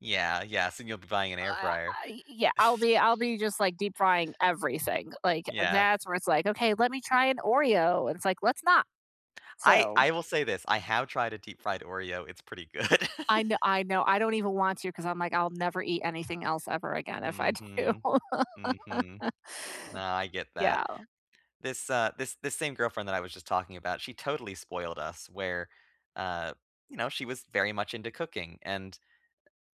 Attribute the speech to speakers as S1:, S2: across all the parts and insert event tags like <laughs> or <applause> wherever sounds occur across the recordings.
S1: Yeah, yes, and you'll be buying an air
S2: I
S1: fryer.
S2: I Yeah, I I'll be I'll
S1: <chuckles>
S2: be just like deep-frying everything, like,
S1: Yeah.
S2: that's where it's, like, "Okay, let me try an Oreo," it's, like, "Let's not."
S1: I
S2: So
S1: I will say this, I have tried a deep-fried Oreo, it's pretty good.
S2: I kn I know, I don't even want to 'cause I'm, like, I'll never eat anything else ever again if I do.
S1: Mhm. Mhm.
S2: <laughs>
S1: No, I get that.
S2: Yeah.
S1: This, uh this this same girlfriend that I was just talking about, she totally spoiled us where, uh, you know, she was very much into cooking and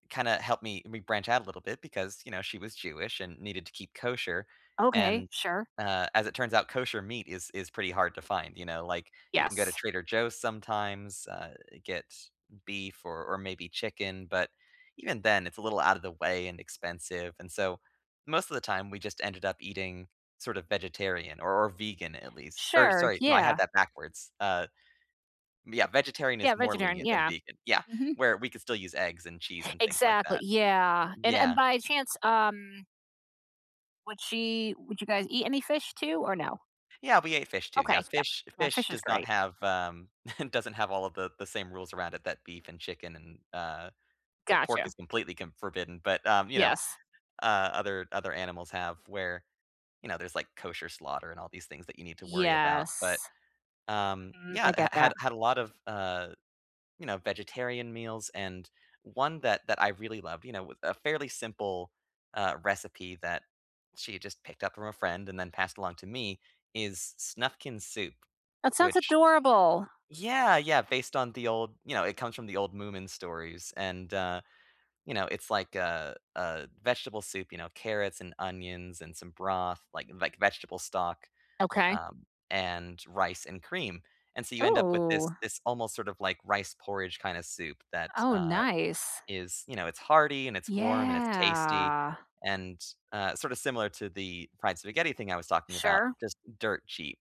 S1: kinda helped me me branch out a little bit because, you know, she was Jewish and needed to keep kosher.
S2: Okay,
S1: And,
S2: sure.
S1: uh, as it turns out, kosher meat is is pretty hard to find, you know, like, you can go to
S2: Yes.
S1: Trader Joe's sometimes, uh, get beef or or maybe chicken, but even then, it's a little outta the way and expensive and so most of the time, we just ended up eating sort of vegetarian or or vegan at least or
S2: Sure,
S1: sorry, no, I had
S2: yeah.
S1: that backwards, uh, m Yeah, vegetarian
S2: Yeah,
S1: is more
S2: vegetarian,
S1: lenient than
S2: yeah.
S1: vegan, yeah,
S2: Mhm.
S1: where we could still use eggs and cheese and things like
S2: Exactly,
S1: that.
S2: yeah, and and
S1: Yeah.
S2: by chance, um would she would you guys eat any fish, too, or no?
S1: Yeah, we ate fish too, yeah,
S2: Okay, yep.
S1: fish
S2: Yeah,
S1: fish
S2: fish is
S1: does not
S2: great.
S1: have, um <chuckles> doesn't have all of the the same rules around it that beef and chicken and uh, well, pork
S2: Gotcha.
S1: is completely c forbidden, but, um, you know,
S2: Yes.
S1: uh, other other animals have where, you know, there's like kosher slaughter and all these things that you need to worry about. But,
S2: Yes.
S1: um,
S2: Mhm,
S1: yeah,
S2: I
S1: h
S2: get
S1: had
S2: that.
S1: had a lot of, uh, you know, vegetarian meals and one that that I really loved, you know, with a fairly simple, uh, recipe that she had just picked up from a friend and then passed along to me is Snufkin soup,
S2: That sounds
S1: which
S2: adorable.
S1: Yeah, yeah, based on the old you know, it comes from the old Moomin stories and, uh, you know, it's, like, a a vegetable soup, you know, carrots and onions and some broth, like like vegetable stock,
S2: Okay.
S1: um, and rice and cream. And so you end up with this
S2: Ooh!
S1: this almost sort of like rice porridge kinda soup that,
S2: Oh,
S1: uh,
S2: nice.
S1: is you know, it's hearty and it's warm and it's tasty
S2: Yeah.
S1: and, uh, sorta similar to the fried spaghetti thing I was talking about,
S2: Sure.
S1: just dirt cheap.